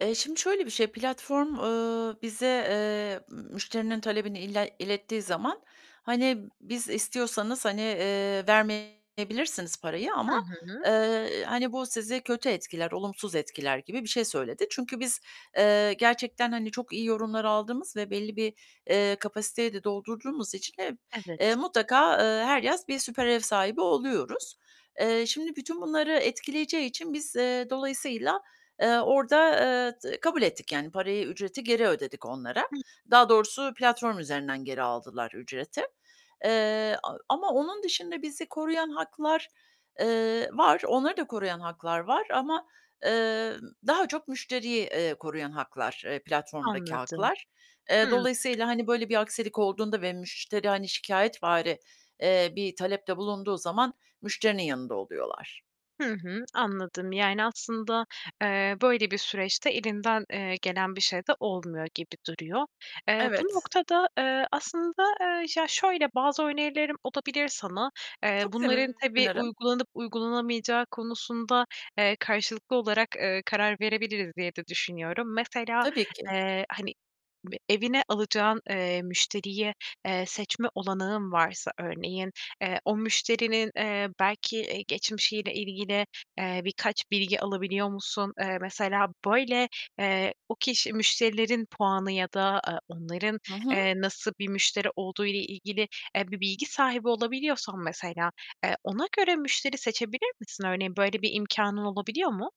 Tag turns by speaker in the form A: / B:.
A: Eee, şimdi şöyle bir şey, platform, eee, bize, eee, müşterinin talebini ile ilettiği zaman hani biz istiyorsanız hani, eee, vermeyebilirsiniz parayı
B: Hı
A: ama,
B: hı.
A: eee, hani bu sizi kötü etkiler, olumsuz etkiler gibi bir şey söyledi. Çünkü biz, eee, gerçekten hani çok iyi yorumlar aldığımız ve belli bir, eee, kapasiteyi de doldurduğumuz için hep, eee,
B: Evet.
A: mutlaka, eee, her yaz bir süper ev sahibi oluyoruz. Eee, şimdi bütün bunları etkileyeceği için biz, eee, dolayısıyla, eee, orda, eee, d kabul ettik yani parayı, ücreti geri ödedik onlara.
B: Hı.
A: Daha doğrusu platform üzerinden geri aldılar ücreti, eee, a ama onun dışında bizi koruyan haklar, eee, var. Onları da koruyan haklar var ama, eee, daha çok müşteriyi, eee, koruyan haklar, eee, platformdaki
B: Anladım.
A: haklar. Eee,
B: Hıı.
A: dolayısıyla, hani böyle bir aksilik olduğunda ve müşteri hani şikâyetvari, eee, bir talepte bulunduğu zaman müşterinin yanında oluyorlar.
B: Hı hı, anladım yani aslında, eee, böyle bir süreçte elinden, eee, gelen bir şey de olmuyor gibi duruyor. Eee, bu
A: Evet.
B: noktada, eee, aslında, eee, ya şöyle bazı önerilerim olabilir sana. Eee,
A: Çok
B: bunların tabii
A: sevinirim.
B: uygulanıp uygulanamayacağı konusunda, eee, karşılıklı olarak, eee, karar verebiliriz diye de düşünüyorum. Mesela,
A: Tabii ki.
B: eee, hani evine alacağın, eee, müşteriye, eee, seçme olanağın varsa örneğin, eee, o müşterinin, eee, belki geçmişiyle ilgili, eee, birkaç bilgi alabiliyor musun? Eee, mesela böyle, eee, o kişi müşterilerin puanı ya da, eee, onların,
A: Hı
B: eee,
A: hı.
B: nasıl bir müşteri olduğuyla ilgili, eee, bir bilgi sahibi olabiliyorsan mesela, eee, ona göre müşteri seçebilir misin örneğin? Böyle bir imkânın olabiliyor mu?